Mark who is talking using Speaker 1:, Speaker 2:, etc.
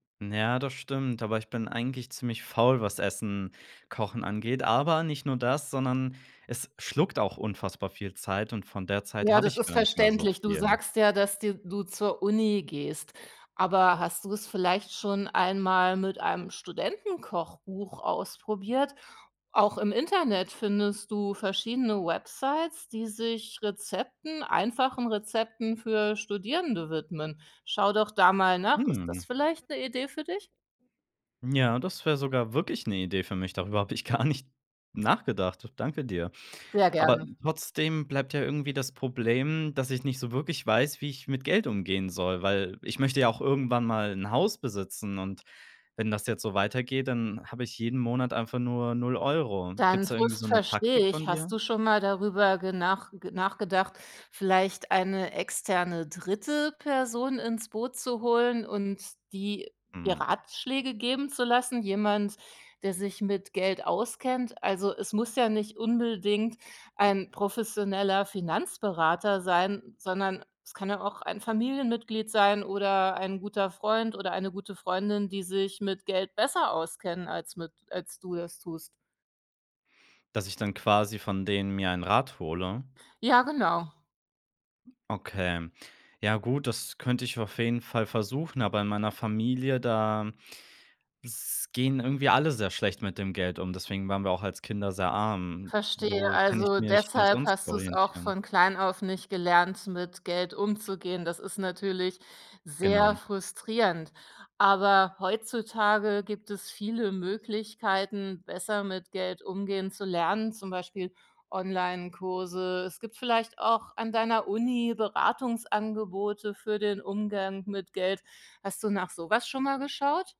Speaker 1: Ja, das stimmt, aber ich bin eigentlich ziemlich faul, was Essen kochen angeht. Aber nicht nur das, sondern es schluckt auch unfassbar viel Zeit und von der Zeit
Speaker 2: Ja,
Speaker 1: habe
Speaker 2: das
Speaker 1: ich
Speaker 2: ist
Speaker 1: gar nicht mehr so
Speaker 2: verständlich. Du
Speaker 1: viel.
Speaker 2: sagst ja, dass dir du zur Uni gehst. Aber hast du es vielleicht schon einmal mit einem Studentenkochbuch ausprobiert? Auch im Internet findest du verschiedene Websites, die sich Rezepten, einfachen Rezepten für Studierende widmen. Schau doch da mal nach, ist
Speaker 1: Mm.
Speaker 2: das vielleicht 'ne Idee für dich?
Speaker 1: Ja, das wäre sogar wirklich 'ne Idee für mich. Darüber habe ich gar nicht nachgedacht. Danke dir.
Speaker 2: Sehr
Speaker 1: Aber
Speaker 2: gerne.
Speaker 1: trotzdem bleibt ja irgendwie das Problem, dass ich nicht so wirklich weiß, wie ich mit Geld umgehen soll, weil ich möchte ja auch irgendwann mal 'n Haus besitzen. Und wenn das jetzt so weitergeht, dann habe ich jeden Monat einfach nur 0 €.
Speaker 2: Deinen
Speaker 1: Gibt's da irgendwie so
Speaker 2: Frust
Speaker 1: 'ne
Speaker 2: verstehe
Speaker 1: Taktik von
Speaker 2: ich. Hast
Speaker 1: dir?
Speaker 2: du schon mal darüber genach nachgedacht, vielleicht eine externe dritte Person ins Boot zu holen und die ihr
Speaker 1: Hm.
Speaker 2: Ratschläge geben zu lassen? Jemand, der sich mit Geld auskennt? Also, es muss ja nicht unbedingt ein professioneller Finanzberater sein, sondern es kann ja auch ein Familienmitglied sein oder ein guter Freund oder eine gute Freundin, die sich mit Geld besser auskennen als mit als du es tust.
Speaker 1: Dass ich dann quasi von denen mir einen Rat hole?
Speaker 2: Ja, genau.
Speaker 1: Okay. Ja gut, das könnte ich auf jeden Fall versuchen, aber in meiner Familie, da s gehen irgendwie alle sehr schlecht mit dem Geld um, deswegen waren wir auch als Kinder sehr arm. W
Speaker 2: Verstehe,
Speaker 1: wo kann ich
Speaker 2: also,
Speaker 1: mich denn
Speaker 2: deshalb
Speaker 1: sonst
Speaker 2: hast du's auch
Speaker 1: orientieren?
Speaker 2: von klein auf nicht gelernt, mit Geld umzugehen. Das ist natürlich sehr
Speaker 1: Genau.
Speaker 2: frustrierend. Aber heutzutage gibt es viele Möglichkeiten, besser mit Geld umgehen zu lernen, zum Beispiel Onlinekurse. Es gibt vielleicht auch an deiner Uni Beratungsangebote für den Umgang mit Geld. Hast du nach sowas schon mal geschaut?